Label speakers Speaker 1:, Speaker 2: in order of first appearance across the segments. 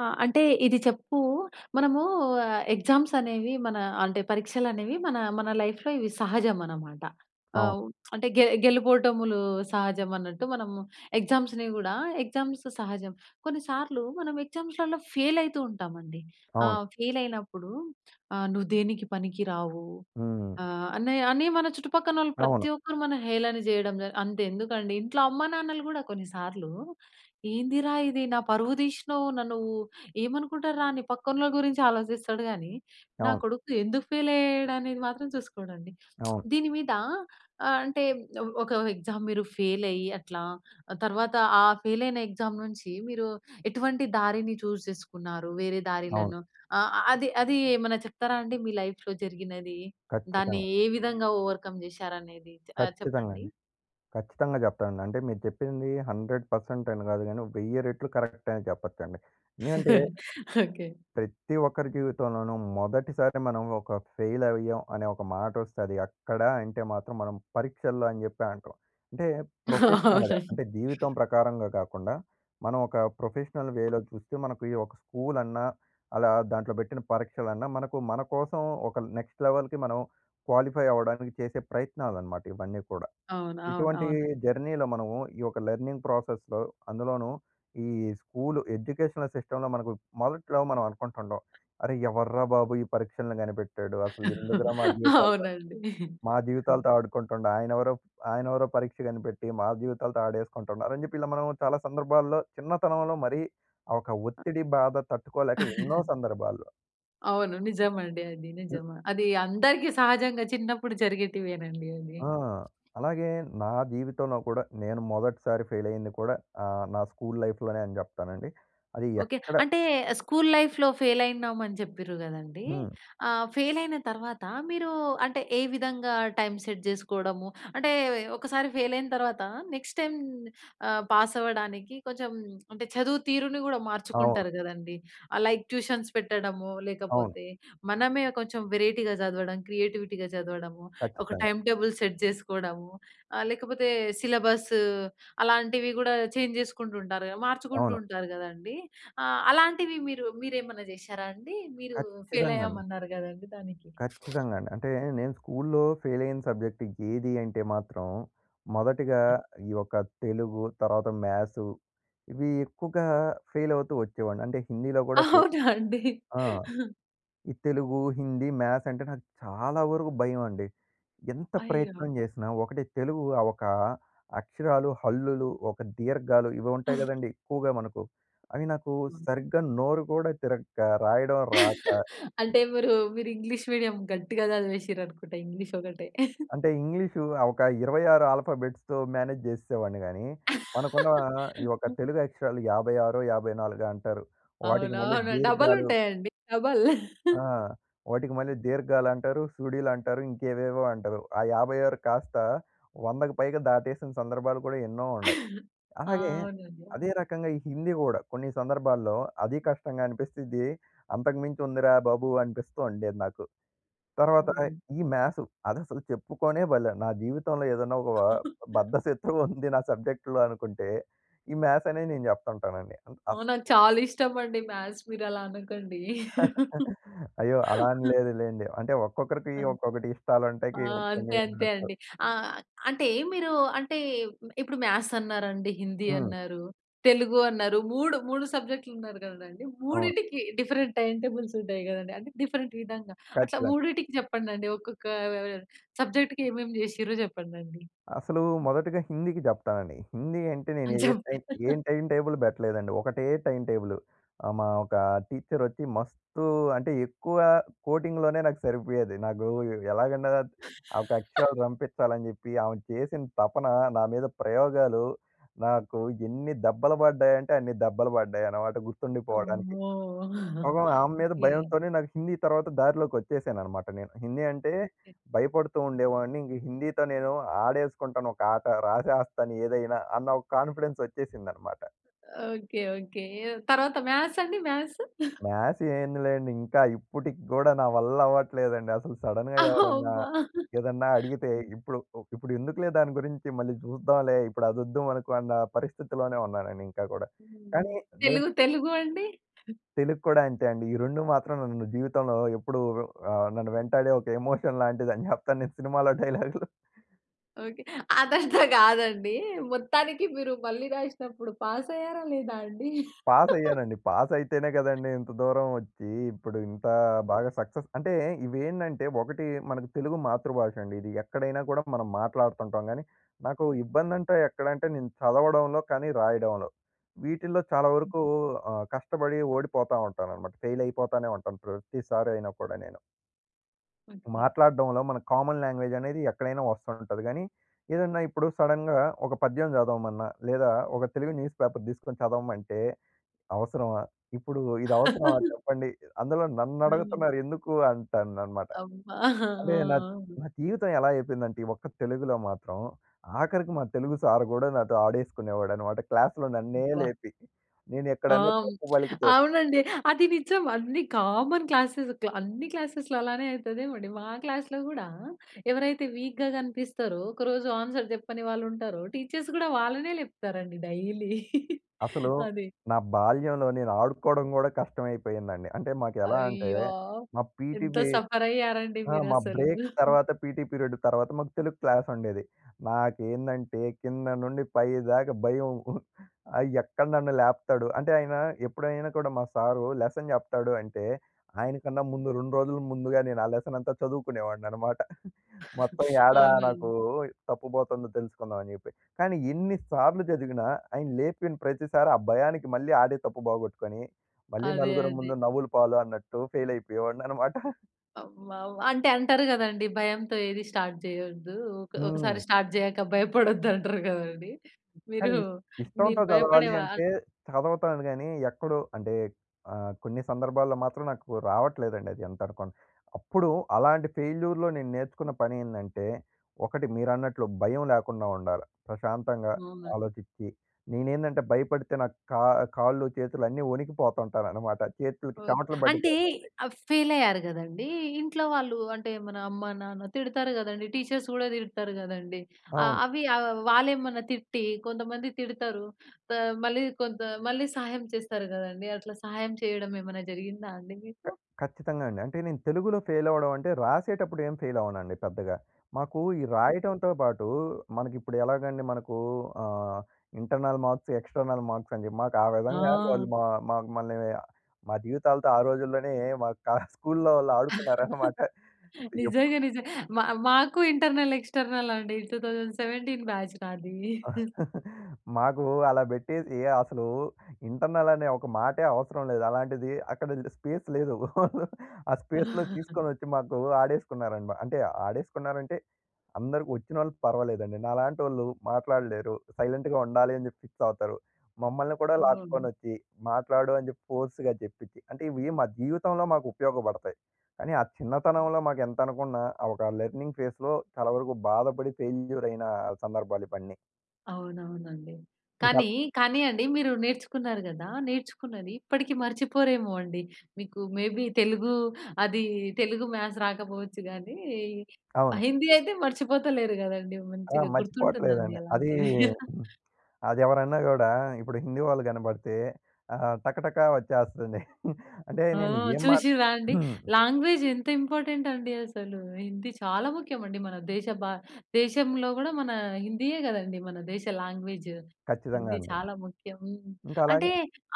Speaker 1: ఆ! అంటే ఇది చెప్పు, మనము ఆహ్, ఎగ్జామ్స్ అనేవి మన, అంటే పరీక్షలు అనేవి మన, మన లైఫ్‌లో ఇవి సహజం అనమాట.
Speaker 2: అవును.
Speaker 1: ఆహ్, అంటే గె గెలుపోటములు సహజం అన్నట్టు, మనము ఎగ్జామ్స్‌ని కూడా ఎగ్జామ్స్ సహజం. కొన్నిసార్లు మనం ఎగ్జామ్స్‌లలో ఫెయిల్ అవుతూ ఉంటామండి.
Speaker 2: అవును.
Speaker 1: ఆహ్, ఫెయిల్ అయినప్పుడు, "ఆహ్, నువ్వు దేనికి పనికి రావు"
Speaker 2: హ్మ్.
Speaker 1: ఆహ్, అని అని మన చుట్టుపక్కనోళ్ళు
Speaker 2: అవును.
Speaker 1: ప్రతి ఒక్కరు మన హేళన చేయడం, అంత ఎందుకండి ఇంట్లో అమ్మానాన్నలు కూడా కొన్నిసార్లు, "ఏందిరా ఇది? నా పరువు తీసినావు. నన్ను ఏమనుకుంటారు రా" అని పక్కనోళ్ళ గురించి ఆలోచిస్తాడు కానీ, "నా
Speaker 2: అవును.
Speaker 1: కొడుకు ఎందుకు ఫెయిల్ అయ్యాడు?" అనేది మాత్రం చూసుకోడండి.
Speaker 2: అవును.
Speaker 1: దీని మీద అంటే ఒక ఎగ్జామ్ మీరు ఫెయిల్ అయ్యి అట్లా, తర్వాత ఆ ఫెయిల్ అయిన ఎగ్జామ్ నుంచి మీరు ఎటువంటి దారిని చూస్ చేసుకున్నారు? వేరే
Speaker 2: అవును.
Speaker 1: దారిలను ఆహ్, అది అది ఏమన్నా చెప్తారా అండి మీ లైఫ్‌లో జరిగినది. దాన్ని
Speaker 2: ఖచ్చితంగా.
Speaker 1: ఏ విధంగా ఓవర్‌కమ్ చేశారనేది ఆహ్,
Speaker 2: ఖచ్చితంగా
Speaker 1: చెప్పండి.
Speaker 2: అండి. ఖచ్చితంగా చెప్తానండి. అంటే మీరు చెప్పింది 100% అని కాదు కానీ, 1000 రెట్లు కరెక్ట్ అని చెప్పొచ్చండి. ఎందుకంటే...
Speaker 1: ఓకే.
Speaker 2: ప్రతి ఒక్కరి జీవితంలోనూ మొదటిసారి మనం ఒక ఫెయిల్ అయ్యాం అనే ఒక మాట వస్తుంది. అక్కడ అంటే మాత్రం మనం పరీక్షల్లో అని చెప్పి అంటాం. అంటే ప్రొఫెషనల్‌గా,
Speaker 1: అవునండి.
Speaker 2: అంటే జీవితం ప్రకారంగా కాకుండా మనం ఒక ప్రొఫెషనల్ వేలో చూస్తే, మనకు ఒక స్కూల్ అన్నా, అలా దాంట్లో పెట్టిన పరీక్షలన్నా, మనకు మనకోసం ఒక నెక్స్ట్ లెవెల్‍‌కి మనం క్వాలిఫై అవ్వడానికి చేసే ప్రయత్నాలన్నమాట, ఇవన్నీ కూడా.
Speaker 1: అవును, అవును,
Speaker 2: ఇటువంటి
Speaker 1: అవునండి.
Speaker 2: జర్నీలో మనము ఈ యొక్క లెర్నింగ్ ప్రాసెస్‌లో, అందులోనూ ఈ స్కూల్ ఎడ్యుకేషనల్ సిస్టమ్‌లో మనకు మొదట్లో మనం అనుకుంటుంటాం. "అరె! ఎవర్రా బాబు ఈ పరీక్షలను కనిపెట్టాడు? అసలు ఎందుకురా మా జీవితాలు
Speaker 1: అవునండి.
Speaker 2: మా జీవితాలతో ఆడుకుంటుండు. ఆయనెవరో, ఆయనెవరో పరీక్ష కనిపెట్టి మా జీవితాలతో ఆడేస్కుంటుండు" అని చెప్పి, ఇలా మనం చాలా సందర్భాల్లో చిన్నతనంలో మరి ఒక ఒత్తిడి బాధ తట్టుకోలేక, ఎన్నో సందర్భాల్లో.
Speaker 1: అవును. నిజమండి అది. నిజమా. అది అందరికి సహజంగా చిన్నప్పుడు జరిగేటివేనండి అది.
Speaker 2: ఆహ్, అలాగే నా జీవితంలో కూడా నేను మొదటిసారి ఫెయిల్ అయ్యింది కూడా ఆహ్, నా స్కూల్ లైఫ్‌లోనే అని జెప్తానండి. అది
Speaker 1: ఓకే.
Speaker 2: ఎక్కడ
Speaker 1: అంటే, స్కూల్ లైఫ్‌లో ఫెయిల్ అయినమని చెప్పిర్రు కదండీ.
Speaker 2: హ్మ్.
Speaker 1: ఆహ్, ఫెయిల్ అయిన తర్వాత మీరు అంటే, ఏ విధంగా టైమ్ సెట్ జేసుకోవడము, అంటే ఒకసారి ఫెయిల్ అయిన తర్వాత నెక్స్ట్ టైమ్ ఆహ్, పాస్ అవ్వడానికి కొంచెం అంటే చదువు తీరుని గూడా
Speaker 2: అవును.
Speaker 1: మార్చుకుంటారు గదండీ. లైక్ ట్యూషన్స్ పెట్టడము,
Speaker 2: అవును.
Speaker 1: లేకపోతే మనమే కొంచెం వెరైటీగా జదవడం, క్రియేటివిటీగా చదవడము, ఒక
Speaker 2: ఖచ్చితంగా.
Speaker 1: టైమ్ టేబుల్ సెట్ జేసుకోడము, ఆహ్, లేకపోతే సిలబస్ అలాంటివి గూడా చేంజ్ జేసుకుంటూ ఉంటారుగా మార్చుకుంటూ
Speaker 2: అవును.
Speaker 1: ఉంటారు గదండీ. ఆహ్, అలాంటివి మీరు మీరేమన్నా జేషారా అండి? మీరు ఫెయిల్
Speaker 2: ఖచ్చితంగా అండి.
Speaker 1: అయ్యామన్నారు గదండీ దానికి.
Speaker 2: ఖచ్చితంగా అండి. అంటే నేను స్కూల్‌లో ఫెయిల్ అయిన సబ్జెక్ట్ ఏది అంటే మాత్రం, మొదటిగా ఈ యొక్క తెలుగు, తర్వాత మ్యాథ్స్ ఇవి ఎక్కువగా ఫెయిల్ అవుతూ వచ్చేవాడిని. అంటే హిందీలో గూడా ఫె
Speaker 1: అవునా! అండి.
Speaker 2: ఆ! ఈ తెలుగు, హిందీ, మ్యాథ్స్ అంటే, నాకు చాలా వరకు భయమండి. ఎంత
Speaker 1: అయ్యో!
Speaker 2: ప్రయత్నం జేసినా ఒకటి తెలుగు ఆహ్, ఒక అక్షరాలు, హల్లులు, ఒక దీర్ఘాలు ఇవి ఉంటాయి గదండీ, ఎక్కువగా మనకు. అవి నాకు
Speaker 1: హ్మ్.
Speaker 2: సరిగ్గా నోరు గూడా తిరగక్క, రాయడం రాక
Speaker 1: అంటే మీరు మీరు ఇంగ్లీష్ మీడియం గట్టిగా చదివేసిర్రు అనుకుంట ఇంగ్లీష్ ఒకటే.
Speaker 2: అంటే ఇంగ్లీషు ఆ ఒక 26 ఆల్ఫాబెట్స్‌తో మేనేజ్ జేస్సేవాడిని గాని, మనకున్న ఆహ్, ఈ యొక్క తెలుగు అక్షరాలు యాభై ఆరో, యాభైనాలుగో అంటారు. వాటికి మళ్ళీ
Speaker 1: అవునవును. డబల్
Speaker 2: దీర్ఘాలు
Speaker 1: ఉంటాయండి డబల్.
Speaker 2: ఆహ్, వాటికి మళ్ళీ దీర్ఘాలు అంటారు, సుడీలు అంటారు ఇంకేవేవో అంటారు. ఆ 56 కాస్త 100కు పైగా దాటేసిన సందర్భాలు కూడా ఎన్నో ఉన్నాయి.
Speaker 1: ఆ!
Speaker 2: అలాగే
Speaker 1: అవునండి.
Speaker 2: అదే
Speaker 1: అవును.
Speaker 2: రకంగా ఈ హిందీ గూడా, కొన్ని సందర్భాల్లో అది కష్టంగా అనిపిస్తది. అంతకు మించి ఉందిరా బాబు అనిపిస్తూ ఉండేది నాకు. తర్వాత
Speaker 1: అవును.
Speaker 2: ఈ మ్యాథ్స్. అదసలు చెప్పుకొనే బలే నా జీవితంలో ఏదన్నా ఒక బద్ధశత్రువు ఉంది నా సబ్జెక్ట్‌లో అనుకుంటే ఈ మ్యాథ్స్ అనేది నేను చెప్తంటానండి.
Speaker 1: అవును.
Speaker 2: అస్స్
Speaker 1: నాకు చాలా ఇష్టం అండి మాథ్స్ మీరు అలా అనకండి.
Speaker 2: అయ్యో! అలా అని లేదు లెండి. అంటే ఒక్కొక్కరికి
Speaker 1: ఆ!
Speaker 2: ఒక్కొక్కటి ఇష్టాలుంటాకి
Speaker 1: అంతే
Speaker 2: ఒపీనియన్‌లు
Speaker 1: అంతే
Speaker 2: వుండచ్చు.
Speaker 1: అండి ఆహ్, అంటే మీరు అంటే, ఇప్పుడు మ్యాథ్స్ అన్నారండి. హిందీ
Speaker 2: హ్మ్.
Speaker 1: అన్నారు. తెలుగు అన్నారు. మూడు మూడు సబ్జెక్ట్‌లు అన్నారు గదండి.
Speaker 2: అవును.
Speaker 1: మూడింటికి డిఫరెంట్ టైమ్ టేబుల్స్ ఉంటాయి గదండీ, అంటే డిఫరెంట్ విధంగా, అట్లా
Speaker 2: ఖచ్చితంగా.
Speaker 1: మూడిటికి చెప్పండండి. ఒక్కొక్క ఆహ్, సబ్జెక్ట్‌కి ఏమేమి జేసిర్రో చెప్పండండి.
Speaker 2: అసలు మొదటిగా హిందీకి జెప్తానండి. హిందీ అంటే,
Speaker 1: ఆ!
Speaker 2: నేను ఏ టైమ్
Speaker 1: చెప్పండి.
Speaker 2: ఏ టైమ్ టేబుల్ బెట్టలేదండి. ఒకటే టైమ్ టేబుల్ ఆహ్, మా ఒక టీచరోచ్చి మస్తు అంటే ఎక్కువ కోటింగ్‌లోనే నాకు సరిపోయేది. నాకు ఎలాగన్నా ఒక అక్షరాలు రంపిచ్చాలని జెప్పి, ఆమె చేసిన తపన నా మీద ప్రయోగాలు నాకు ఎన్ని దెబ్బలు పడ్డాయంటే, అన్ని దెబ్బలు పడ్డాయన్నమాట గుర్తుండిపోవడానికి.
Speaker 1: అమ్మో!
Speaker 2: పాపం ఆమె మీద
Speaker 1: ఓకే.
Speaker 2: భయంతోనే నాకు హిందీ తర్వాత దారిలోకి వచ్చేసానన్నమాట నేను. హిందీ అంటే
Speaker 1: ఓకే.
Speaker 2: భయపడుతూ ఉండేవాడిని ఇంగ హిందీతో నేను ఆడేసుకుంటాను ఒక ఆట. రాసేస్తాను ఏదైనా అన్న ఒక కాన్ఫిడెన్స్ వచ్చేసిందన్నమాట.
Speaker 1: ఓకే. ఓకే. తరువాత మాథ్స్ అండి మాథ్స్.
Speaker 2: మాథ్స్ ఏందిలేండి. ఇంకా ఇప్పటికి గూడా, నా వల్ల అవ్వట్లేదండి అసలు సడెన్‌గా ఎవరన్నా,
Speaker 1: అమ్మా!
Speaker 2: ఏదన్నా అడిగితే
Speaker 1: హ్మ్.
Speaker 2: ఇప్పుడు, ఒ ఇప్పుడు ఎందుకులే దాని గురించి మళ్ళీ జూద్దాంలే. ఇప్పుడు అదొద్దు మనకు అన్న పరిస్థితిలోనే ఉన్నానండి ఇంకా గూడా.
Speaker 1: హ్మ్.
Speaker 2: కానీ నేను
Speaker 1: తెలుగు, తెలుగు అండి.
Speaker 2: తెలుగు కూడా అంతే అండి. ఈ 2 మాత్రం నన్ను జీవితంలో ఎప్పుడు వ ఆహ్, నన్ను వెంటాడే ఒక ఎమోషన్ లాంటిదని జెప్తాను నేను సినిమాలో డైలాగ్‌లు.
Speaker 1: ఓకె. అదంతా కాదండి. మొత్తానికి మీరు మళ్ళీ రాసినప్పుడు పాస్ అయ్యారా లేదా అండి?
Speaker 2: పాస్ అయ్యానండి. పాస్ అయితేనే కదండీ! ఇంత దూరం వచ్చి ఇప్పుడు ఇంత బాగా సక్సెస్ అంటే, ఇవి ఏంటంటే ఒకటి మనకు తెలుగు మాతృభాష అండి. ఇది ఎక్కడైనా కూడా మనం మాట్లాడుతుంటాం కానీ, నాకు ఇబ్బంది అంటే ఎక్కడ అంటే నేను చదవడంలో, కానీ రాయడంలో. వీటిల్లో చాలా వరకు ఆహ్, కష్టపడి ఓడిపోతా ఉంటాననమాట. ఫెయిల్ అయిపోతానే ఉంటాను. ప్రతిసారి అయినా కూడా నేను.
Speaker 1: ఓకె.
Speaker 2: మాట్లాడడంలో మన కామన్ లాంగ్వేజ్ అనేది ఎక్కడైనా వస్తంటది. కానీ ఏదన్నా ఇప్పుడు సడెన్‌గా ఒక పద్యం చదవమన్నా, లేదా ఒక తెలుగు న్యూస్ పేపర్ తీసుకొని చదవమంటే, అవసరమా ఇప్పుడు ఇది అవసరమా చెప్పండి. అందులో నన్ను
Speaker 1: హ్మ్.
Speaker 2: అడుగుతున్నారు ఎందుకు అంటాను అనమాట.
Speaker 1: అబ్బా!
Speaker 2: అంటే నా
Speaker 1: ఆ!
Speaker 2: నా జీవితం ఎలా అయిపోయిందంటే, ఈ ఒక్క తెలుగులో మాత్రం, ఆఖరికి మా తెలుగు సార్ కూడా నాతో ఆడేసుకునేవాడనమాట. క్లాస్‌లో నన్నే
Speaker 1: అబ్బా!
Speaker 2: లేపి. నేను
Speaker 1: ఆ!
Speaker 2: ఎక్కడైనా తప్పు పలికితే
Speaker 1: అవునండి. అది నిజం అన్ని కామన్ క్లాసెస్ క్లా అన్ని క్లాసెస్‌లో అలానే అవుతదేమో అండి. మా క్లాస్‌లో కూడా ఎవరైతే వీక్‌గా కనిపిస్తారో, ఒకరోజు ఆన్సర్ చెప్పని వాళ్ళు ఉంటారో, టీచర్స్ కూడా వాళ్ళనే లేప్తారండి డైలీ.
Speaker 2: అసలు
Speaker 1: అది.
Speaker 2: నా బాల్యంలో నేను ఆడుకోవడం కూడా కష్టమైపోయిందండి. అంటే మాకు ఎలా అంటే
Speaker 1: అయ్యో!
Speaker 2: మా పీటీ
Speaker 1: ఎంత
Speaker 2: పి
Speaker 1: సఫర్ అయ్యారండి
Speaker 2: ఆ! మా
Speaker 1: మీరసలు.
Speaker 2: బ్రేక్ తర్వాత పీటీ పీరియడు తర్వాత, మాకు తెలుగు క్లాస్ ఉండేది. నాకేందంటే కింద నుండి పైదాకా భయం. ఆహ్, ఎక్కడ నన్ను లేపుతాడు. అంటే ఆయన ఎప్పుడైనా కూడా మా సారు లెసన్ చెప్తాడు అంటే, ఆయన కన్నా ముందు 2 రోజుల ముందుగా నేను ఆ లెసన్ అంతా చదువుకునేవాడిని అనమాట. మొత్తం ఏడా నాకు
Speaker 1: అవునండి.
Speaker 2: తప్పు పోతుందో తెలుసుకుందాం అని జెప్పి. కానీ ఎన్ని సార్లు చదివినా, ఆయన లేపిన ప్రతిసారి ఆ భయానికి మళ్ళీ ఆడే తప్పు బోగొట్టుకొని, మళ్ళీ
Speaker 1: అదే
Speaker 2: నలుగురు
Speaker 1: అదే.
Speaker 2: ముందు నవ్వులు పాలు అన్నట్టు. ఫెయిల్ అయిపోయేవాడిని అనమాట.
Speaker 1: ఆహ్, వా వా అంటే అంటారు కదండీ! భయంతో ఏది స్టార్ట్ చేయొద్దు. ఒక ఒకసారి
Speaker 2: హ్మ్.
Speaker 1: స్టార్ట్ జేయాక భయపడొద్దు అంటారు కదండీ! మీరు
Speaker 2: కానీ
Speaker 1: మీరు
Speaker 2: ఇష్టంతో చదవాలి
Speaker 1: భయపడేవారా?
Speaker 2: అంటే, చదువుతాను కానీ. ఎక్కడో అంటే, ఆహ్, కొన్ని సందర్భాల్లో మాత్రం నాకు రావట్లేదండి అది ఎంత అనుకున్న. అప్పుడు అలాంటి ఫెయిల్యూర్‌లో, నేను నేర్చుకున్న పనేందంటే ఒకటి మీరన్నట్లు భయం లేకుండా ఉండాల. ప్రశాంతంగా,
Speaker 1: అవును.
Speaker 2: ఆలోచించి. నేనేందంటే భయపడితే నాకు క కాళ్ళు చేతులు అన్నీ వణికిపోతుంటానన్నమాట. చేతులకి
Speaker 1: ఓకే.
Speaker 2: చమటలు
Speaker 1: అంటే
Speaker 2: పట్టిపోతుంటాయి.
Speaker 1: ఆహ్, ఫెయిల్ అయ్యారు కదండీ! ఇంట్లో వాళ్ళు అంటే, మన అమ్మ-నాన్న తిడతారు కదండీ. టీచర్స్ కూడా తిడతారు కదండీ. ఆహ్,
Speaker 2: అవును.
Speaker 1: అవ్వి ఆహ్, వాళ్ళేమన్నా తిట్టి కొంతమంది తిడతారు. త మళ్ళీ కొంత మళ్ళీ సహాయం చేస్తారు కదండీ! అట్లా సహాయం చేయడం ఏమన్నా జరిగిందా అండి
Speaker 2: క
Speaker 1: మీకు?
Speaker 2: ఖచ్చితంగా అండి. అంటే నేను తెలుగులో ఫెయిలవ్వడం అంటే రాసేటప్పుడు ఏం ఫెయిల్ అవనండి పెద్దగా. మాకు ఈ
Speaker 1: ఓకే.
Speaker 2: రాయడంతో పాటు, మనకి ఇప్పుడు ఎలాగండి మనకు ఆహ్, ఇంటర్నల్ మార్క్స్, ఎక్స్‌టర్నల్ మార్క్స్ అని చెప్పి. మాకు ఆ విధంగా
Speaker 1: ఆ!
Speaker 2: వాళ్ళు మా మాకు మమ్మల్ని మా జీవితాలతో ఆ రోజుల్లోనే మా క స్కూల్‌లో వాళ్ళు ఆడుకున్నారన్నమాట. ఎప్పుడు
Speaker 1: నిజంగా. నిజ మ మాకు ఇంటర్నల్, ఎక్స్‌టర్నల్ అండి 2017 నాది.
Speaker 2: మాకు అలా బెట్టేసి, అసలు ఇంటర్నల్ అనే ఒక మాటే అవసరం లేదు. అలాంటిది, అక్కడ స్పేస్ లేదు. ఆ స్పేస్‌లో తీసుకొనొచ్చి మాకు ఆడేసుకున్నారండి. అంటే ఆడేసుకున్నారంటే, అందరికి వచ్చినోళ్ళు పర్వాలేదండి. నాలాంటోళ్ళు మాట్లాడలేరు. సైలెంట్‌గా ఉండాలి అని చెప్పి ఫిక్స్ అవుతారు. మమ్మల్ని కూడా
Speaker 1: హ్మ్.
Speaker 2: లాక్కొనొచ్చి, మాట్లాడు అని చెప్పి, ఫోర్స్‌గా చెప్పిచ్చి అంటే ఇవి మా జీవితంలో మాకు ఉపయోగపడతాయి. కానీ ఆ చిన్నతనంలో మాకు ఎంతనుకున్నా ఆహ్, ఒక లెర్నింగ్ ఫేస్‍లో చాలా వరకు బాధపడి. ఫెయిల్యూర్ అయిన సందర్భాలు ఇవన్నీ.
Speaker 1: అవునవునండి.
Speaker 2: ఇంకా
Speaker 1: కానీ, కానీ అండి, మీరు నేర్చుకున్నారు గదా! నేర్చుకున్నది ఇప్పటికి మర్చిపోరేమో అండి. మీకు మే బీ తెలుగు, అది తెలుగు, మ్యాథ్స్ రాకపోవచ్చు గానీ, ఆహ్,
Speaker 2: అవును.
Speaker 1: హిందీ అయితే మర్చిపోతలేరు గదండీ!
Speaker 2: ఆ!
Speaker 1: మంచిగా గుర్తుంటుందండి
Speaker 2: మర్చిపోవట్లేదండి. అది
Speaker 1: అలాంటివి.
Speaker 2: అదెవరన్నా కూడా, ఇప్పుడు హిందీ వాళ్ళు కనబడితే, ఆహ్, టకటకా వచ్చేస్తుంది అంటే,
Speaker 1: ఆ!
Speaker 2: నేను ఏం మాట్
Speaker 1: చూసిన్రాండి? లాంగ్వేజ్ ఎంత ఇంపార్టెంటండి అసలు. హిందీ చాలా ముఖ్యమండి. మన దేశ భా దేశంలో కూడా మన హిందీయే కదండీ! మన దేశ లాంగ్వేజ్.
Speaker 2: ఖచ్చితంగా
Speaker 1: హిందీ
Speaker 2: అండి.
Speaker 1: చాలా ముఖ్యం. హ్మ్.
Speaker 2: ఇంక
Speaker 1: అంటే
Speaker 2: అలాగే.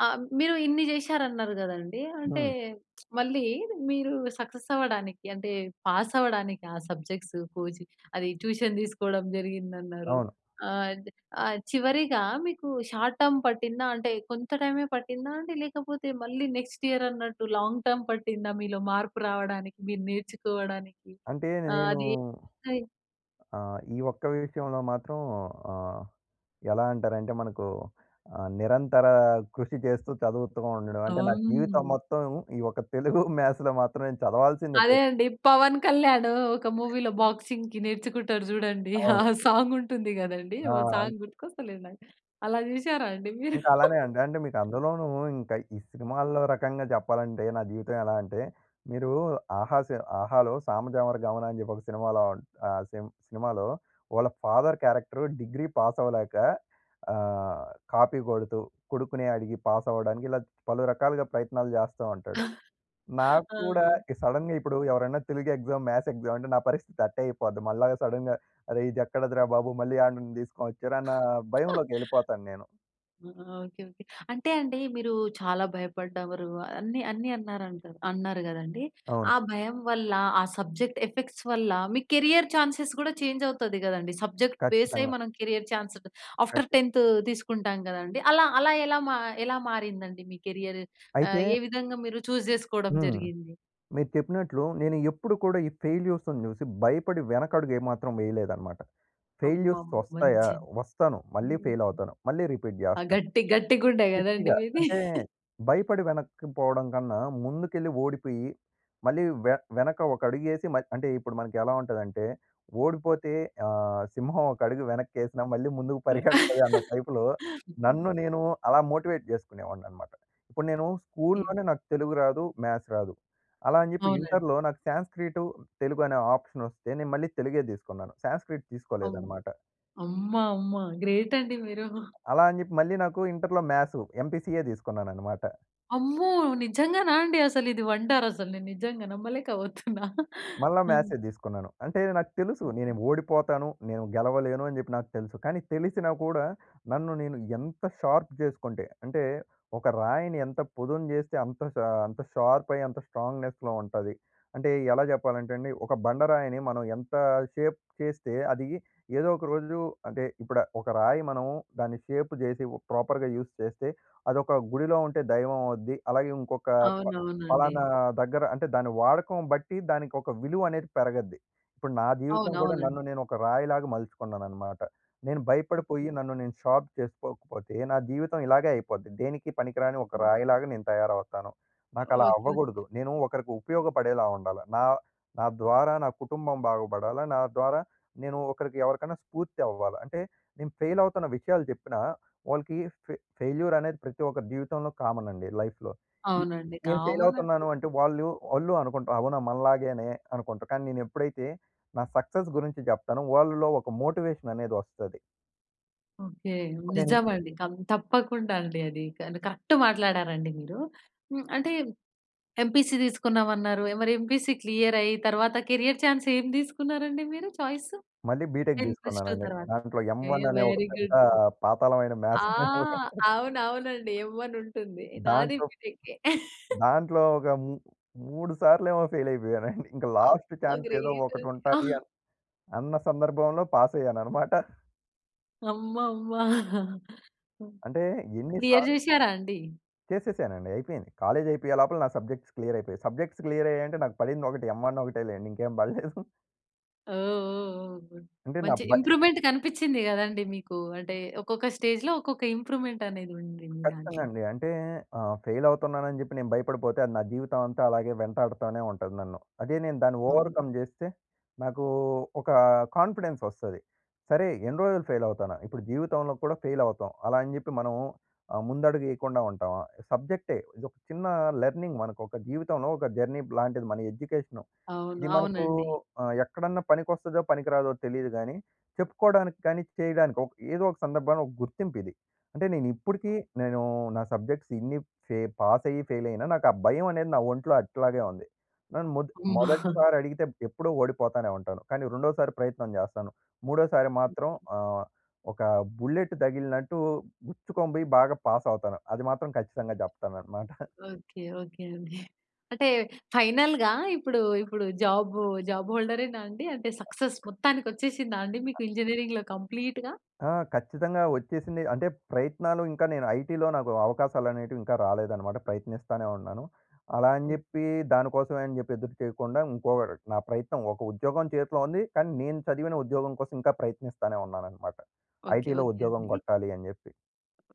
Speaker 1: ఆహ్, మీరు ఇన్ని చేశారన్నరు కదండీ! అంటే,
Speaker 2: హ్మ్.
Speaker 1: మళ్ళీ, మీరు సక్సెస్ అవ్వడానికి, అంటే, పాసవడానికి ఆ సబ్జెక్ట్సు కోచి అది ట్యూషన్ దీసుకోడం జరిగిందన్నారు.
Speaker 2: అవును.
Speaker 1: ఆహ్, అది ఆహ్, చివరిగా మీకు షార్ట్ టర్మ్ పట్టిందా, అంటే కొంత టైమే పట్టిందా అండి? లేకపోతే మళ్ళీ నెక్స్ట్ ఇయర్ అన్నట్టు లాంగ్ టర్మ్ పట్టిందా మీలో మార్పు రావడానికి? మీరు నేర్చుకోవడానికి?
Speaker 2: అంటే, నె
Speaker 1: ఆ!
Speaker 2: నేనూ
Speaker 1: అది ఏ టై
Speaker 2: ఆహ్, ఈ ఒక్క విషయంలో మాత్రం, ఆహ్, ఎలా అంటరంటే, మనకు ఆహ్, నిరంతర కృషి చేస్తూ చదువుతూ ఉండడం. అంటే, నా జీవితం
Speaker 1: అవును.
Speaker 2: మొత్తం ఈ ఒక తెలుగు, మ్యాథ్స్‌లో మాత్రం నేను చదవాల్సిందే.
Speaker 1: అదే
Speaker 2: పెత్
Speaker 1: అండి. 'పవన్ కళ్యాణ్' ఒక మూవీలో బాక్సింగ్‌కి నేర్చుకుంటాడు చూడండి. ఆ
Speaker 2: అవును.
Speaker 1: సాంగ్ ఉంటుంది కదండీ! ఓన్
Speaker 2: ఆ!
Speaker 1: సాంగ్ గుర్తుకొస్తలేదు నాకు. అలా జూసారా అండి మీరు?
Speaker 2: ఇంక అలానే అండి. అంటే, మీకు అందులోనూ, ఇంక ఈ సినిమాల్లో రకంగా చెప్పాలంటే, నా జీవితం ఎలా అంటే, మీరు ఆహా సి 'ఆహా'లో, 'సామాజవర‌గమన' అని జెప్పి ఒక సినిమాలో ఉం ఆ సిం సినిమాలో, వాళ్ళ ఫాదర్ క్యారెక్టరు డిగ్రీ పాసవలేక, ఆహ్, కాపీ కొడుతూ, కొడుకుని అడిగి పాసవడానికి ఇలాగ పలు రకాలుగా ప్రయత్నాలు జేస్తా ఉంటాడు.
Speaker 1: ఆ!
Speaker 2: నాకు కూడా
Speaker 1: ఆ!
Speaker 2: ఇ సడెన్‌గా ఇప్పుడు ఎవరైనా తెలుగు ఎగ్జామ్, మ్యాథ్స్ ఎగ్జామ్ అంటే నా పరిస్థితి అట్టే అయిపోద్ది. మల్లాగ సడెన్‌గ అరేయ్! ఇదెక్కడదిరా బాబు! మళ్ళీ ఆయనను దీసుకొని వచ్చారన్నా భయంలోకెళ్ళిపోతాను నేను.
Speaker 1: ఆ! Okay, okay. అంటే అండి, మీరు చాలా భయపడ్డారు అన్ని అన్నీ అన్నారంటరు. అన్నారు గదండీ!
Speaker 2: అవును.
Speaker 1: ఆ భయం వల్ల, ఆ సబ్జెక్ట్ ఎఫెక్ట్స్ వల్ల, మీ కెరీర్ ఛాన్సెస్ కూడా ఛేంజ్ అవుతది కదండీ. సబ్జెక్ట్ బేసే
Speaker 2: ఖచ్చితంగా.
Speaker 1: మనం కెరీర్ ఛాన్స్ త్ ఆఫ్టర్
Speaker 2: ఖచ్చి
Speaker 1: టెన్తు తీసుకుంటాం కదండీ! అలా, అలా ఎలా మా ఎలా మారిందండి మీ కెరియర్?
Speaker 2: అయితే
Speaker 1: ఆహ్, ఏ విధంగా మీరు ఛూస్ జేసుకోడం
Speaker 2: హ్మ్.
Speaker 1: జరిగింది?
Speaker 2: మీరు చెప్పినట్లు, నేను ఎప్పుడు కూడా, ఈ ఫెయిల్యూర్స్‌ని జూసి, భయపడి వెనకడుగేమాత్రం వేయలేదనమాట. ఫెయిల్యూర్స్‌
Speaker 1: అమ్మమ్మ!
Speaker 2: వస్తాయా?
Speaker 1: మంచిద్
Speaker 2: వస్తాను. మళ్ళీ
Speaker 1: హ్మ్.
Speaker 2: ఫెయిలవుతాను. మళ్ళీ రిపీట్
Speaker 1: ఆ!
Speaker 2: జేస్తాను.
Speaker 1: గట్టి, గట్టి గుండె కదండి
Speaker 2: గట్టిగా
Speaker 1: మీది!
Speaker 2: అంటే, భయపడి వెనక్కి పోవడం కన్నా, ముందుకెళ్ళి ఓడిపోయి, మళ్ళీ వె వెనక ఒక అడుగేసి, మయ్ అంటే, ఇప్పుడు మనకెలా ఉంటదంటే, ఓడిపోతే ఆహ్, సింహం ఒక అడుగు వెనక్కేసినా, మళ్ళీ ముందుకు
Speaker 1: హ్మ్.
Speaker 2: పరిగెడతది అన్న టైపులో,
Speaker 1: హ్మ్.
Speaker 2: నన్ను నేను అలా మోటివేట్ జేసుకునేవాడిననమాట. ఇప్పుడు నేను
Speaker 1: కే
Speaker 2: స్కూల్‍లోనే నాకు తెలుగు రాదు, మ్యాథ్స్ రాదు. అలా అని జెప్పి
Speaker 1: అవునండి.
Speaker 2: ఇంటర్‍లో నాకు శాన్స్క్రీటు, తెలుగు అనే ఆప్షన్ వస్తే నేను మళ్ళీ తెలుగే దీసుకున్నాను. శాన్స్క్రీట్
Speaker 1: అవును.
Speaker 2: తీసుకోలేదనమాట.
Speaker 1: అమ్మ! అమ్మ! గ్రేట్ అండి మీరు.
Speaker 2: అలా అని జెప్పి, మళ్ళీ నాకు ఇంటర్‌లో మ్యాసు. ఎంపీసీయే తీసుకున్నాననమాట.
Speaker 1: అమ్మో! నిజంగానా అండి అసలు ఇది వండర్. అసలు నేను నిజంగా నమ్మలేక పోతున్నా.
Speaker 2: మళ్ళా
Speaker 1: హ్మ్.
Speaker 2: మ్యాథ్సే తీసుకున్నాను. అంటే నాకు తెలుసు, నే‌నే ఓడిపోతాను, నేను గెలవలేను అని చెప్పి నాకు తెలుసు. కానీ, తెలిసినా కూడా, నన్ను నేను ఎంత షార్ప్ చేసుకుంటే, అంటే ఒక రాయిని ఎంత పొదును చేస్తే అంత ష అంత షార్ప్ అయ్యి అంత స్ట్రాంగ్‌నెస్‌లో ఉంటది. అంటే ఎలా చెప్పాలంటే అండి ఒక బండరాయిని, మనం ఎంత షేప్ చేస్తే అది ఏదో ఒక రోజు అంటే, ఇప్పుడు ఒక రాయి మనం దాన్ని షేప్ చేసి, ఒక ప్రాపర్‌గా యూజ్ చేస్తే అదొక గుడిలో ఉంటే దైవం అవుద్ది. అలాగే, ఇంకొక ప
Speaker 1: అవునవునండి.
Speaker 2: పలానా దగ్గర అంటే దాని వాడకం బట్టి దానికి ఒక విలువ అనేది పెరగద్ది. ఇప్పుడు నా జీవితం కూడా,
Speaker 1: అవునవునండి.
Speaker 2: నన్ను నేను ఒక రాయిలాగా మలుచుకున్నాననమాట. నేను
Speaker 1: ఓకె.
Speaker 2: భయపడిపోయి నన్ను నేను షార్ప్ చేసుకోకపోతే, నా జీవితం ఇలాగే అయిపోద్ది. దేనికి పనికిరాని ఒక రాయిలాగా నేను తయారవుతాను. నాకలా
Speaker 1: ఓకే. ఓకే.
Speaker 2: అవ్వకూడదు. నేను ఒకరికి ఉపయోగపడేలా ఉండాల. నా నా ద్వారా నా కుటుంబం బాగుపడాలా, నా ద్వారా నేను ఒకరికి ఎవరికైనా స్ఫూర్తి అవ్వాల. అంటే, నేను ఫెయిల్ అవుతున్న విషయాలు చెప్పినా వాళ్ళకి ఫె ఫెయిల్యూర్ అనేది ప్రతి ఒక్కరి జీవితంలో కామన్ అండి లైఫ్‌లో. ఈ
Speaker 1: అవునండి.
Speaker 2: నేను ఫెయిల్
Speaker 1: కామన్
Speaker 2: అవుతున్నాను
Speaker 1: అది.
Speaker 2: అంటే వాళ్ళు వాళ్ళు అనుకుంటారు అవునా మనలాగేనే అనుకుంటారు. కానీ, నేనెప్పుడైతే నా సక్సెస్ గురించి చెప్తానో, వాళ్ళలో ఒక మోటివేషన్ అనేది వస్తది.
Speaker 1: ఓకే.
Speaker 2: నేను
Speaker 1: నిజం అండి. కం తప్పకుండా అండి అది కానీ కరెక్ట్ మాట్లాడారండి మీరు. హ్మ్. అంటే ఎంపీసీ తీసుకున్నాం అన్నారు మరి ఎంపీసీ క్లియర్ అయ్యి తర్వాత కెరియర్ చాన్స్ ఏం తీసుకున్నారండి మీరు చాయిసు?
Speaker 2: మళ్ళీ బీటెక్
Speaker 1: 10+2
Speaker 2: తీసుకున్నానండి.
Speaker 1: తర్వాత.
Speaker 2: దాంట్లో ఎమ్
Speaker 1: ఎ
Speaker 2: వన్ అనే ఒక
Speaker 1: వెరీ
Speaker 2: పెద్ద
Speaker 1: గుడ్.
Speaker 2: పాతాళమైన
Speaker 1: ఆ!
Speaker 2: మాథ్స్ అనే ఒకటుంటది
Speaker 1: అవును అవునండి ఎమ్ వన్ ఉంటుంది. నాది
Speaker 2: దాంట్లో,
Speaker 1: బీటెక్కే.
Speaker 2: దాంట్లో ఒక మూ 3 సార్లు ఏమో ఫెయిల్ అయిపోయానండి. ఇంకా లాస్ట్
Speaker 1: అబ్బా!
Speaker 2: ఛాన్స్ ఏదో
Speaker 1: గ్రేట్ అది.
Speaker 2: ఒకటుంటది అన్ అన్న సందర్భంలో పాస్ అయ్యానన్నమాట.
Speaker 1: అమ్మమ్మ! హ్మ్
Speaker 2: అంటే ఎన్ని
Speaker 1: క్లియర్
Speaker 2: సార్
Speaker 1: చేసారా అండి?
Speaker 2: చేసేసానండి అయిపోయింది. కాలేజ్ అయిపోయే లోపల నా సబ్జెక్ట్స్ క్లియర్ అయిపోయాయి. సబ్జెక్ట్స్ క్లియర్ అయ్యాయి అంటే నాకు పడింది ఒకటే ఎమ్ వన్ ఒకటే లెండి ఇంకేం బడలేదు.
Speaker 1: ఓహ్! ఓహ్! ఓహ్! గుడ్.
Speaker 2: అంటే నా
Speaker 1: మంచి
Speaker 2: భయ్
Speaker 1: ఇంప్రూవ్‌మెంట్ కనిపించింది గదండీ మీకు? అంటే ఒక్కొక్క స్టేజ్‌లో ఒక్కొక్క ఇంప్రూవ్‌మెంట్ అనేది ఉంది మీ
Speaker 2: ఖచ్చితంగా
Speaker 1: దాంట్లో.
Speaker 2: అండి. అంటే ఆహ్, ఫెయిల్ అవుతున్నానని చెప్పి నేను భయపడిపోతే అది నా జీవితం అంతా అలాగే వెంటాడుతూనే ఉంటది నన్ను. అదే నేను దాన్ని
Speaker 1: అవును.
Speaker 2: ఓవర్‌కమ్ జేస్తే, నాకు ఒక కాన్ఫిడెన్స్ వస్తది. సరే ఎన్ని రోజులు ఫెయిల్ అవుతాన? ఇప్పుడు జీవితంలో కూడా ఫెయిల్ అవుతాం, అలా అని జెప్పి మనం ఆహ్, ముందడుగు ఏయకుండా ఉంటామా? సబ్జెక్టే. ఇదొక చిన్న లెర్నింగ్ మనకొక జీవితంలో ఒక జర్నీబ్ లాంటిది మన ఎడ్యుకేషన్.
Speaker 1: అవును.
Speaker 2: ఇది మనకు
Speaker 1: అవునండి.
Speaker 2: ఆహ్, ఎక్కడన్నా పనికొస్తదో పనికి రాదో తెలీదు గాని చెప్పుకోడానికి కానీ చేయడానికి ఓక్ ఏదో ఒక సందర్భంలో ఒక గుర్తింపిది. అంటే నేను ఇప్పటికి నేను నా సబ్జెక్ట్స్ ఇన్ని ఫే పాస్ అయ్యి ఫెయిల్ అయినా నాకు ఆ భయం అనేది నా ఒంట్లో అట్లాగే ఉంది. నన్ను మొద్
Speaker 1: హ్మ్.
Speaker 2: మొదటిసారి అడిగితే ఎప్పుడో ఓడిపోతానే ఉంటాను. కానీ రెండోసారి ప్రయత్నం జేస్తాను. మూడోసారి మాత్రం ఆహ్, ఒక బుల్లెట్ తగిలినట్టు గుచ్చుకొని బోయి బాగా పాస్ అవుతాను. అది మాత్రం ఖచ్చితంగా చెప్తానన్నమాట.
Speaker 1: ఓకే. ఓకే అండి. అంటే ఫైనల్‌గా ఇప్పుడు, ఇప్పుడు జాబ్ జాబ్ హోల్డర్ ఏనా అండి? అంటే సక్సెస్ మొత్తానికి ఒచ్చేసిందా అండి మీకు ఇంజినీరింగ్‌లో కంప్లీట్‌గా?
Speaker 2: ఆ! ఖచ్చితంగా వచ్చేసింది అంటే ప్రయత్నాలు ఇంకా నేను ఐటీలో నాకు అవకాశాలు అనేటివి ఇంకా రాలేదన్నమాట ప్రయత్నిస్తానే ఉన్నాను. అలా అని
Speaker 1: గుడ్
Speaker 2: జెప్పి దానికోసమే అని జెప్పి ఎదురు చేయకుండా ఇంకోరు నా ప్రయత్నం ఒక ఉద్యోగం చేతిలో ఉంది కానీ నేను చదివిన ఉద్యోగం కోసం ఇంకా ప్రయత్నిస్తానే ఉన్నానన్నమాట
Speaker 1: ఓకే.
Speaker 2: ఐటీలో
Speaker 1: ఓకే
Speaker 2: ఉద్యోగం
Speaker 1: అండి.
Speaker 2: గొట్టాలి అని జెప్పి.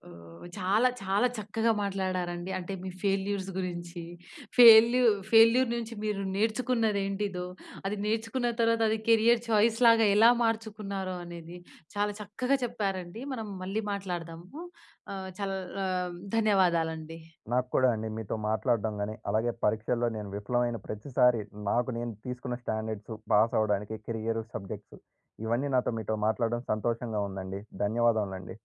Speaker 1: ఓహ్! చాలా, చాలా చక్కగా మాట్లాడారండి. అంటే మీ ఫెయిల్యూర్స్ గురించి, ఫెయిల్యూ ఫెయిల్యూర్ నుంచి మీరు నేర్చుకున్నది ఏంటిదో, అది నేర్చుకున్న తర్వాత అది కెరియర్ చాయిస్ లాగా ఎలా మార్చుకున్నారో అనేది చాలా చక్కగా చెప్పారండి. మనం మళ్ళీ మాట్లాడదాము ఆహ్, చల్ ఆహ్, ధన్యవాదాలండి.
Speaker 2: నాకు కూడా అండి మీతో మాట్లాడడం గాని అలాగే పరీక్షల్లో నేను విఫలమైన ప్రతిసారి నాకు నేను తీసుకున్న స్టాండర్డ్సు పాస్ అవ్వడానికి కెరియర్ సబ్జెక్టు ఇవన్నీ నాతో మీతో మాట్లాడడం సంతోషంగా ఉందండి. ధన్యవాదములండి.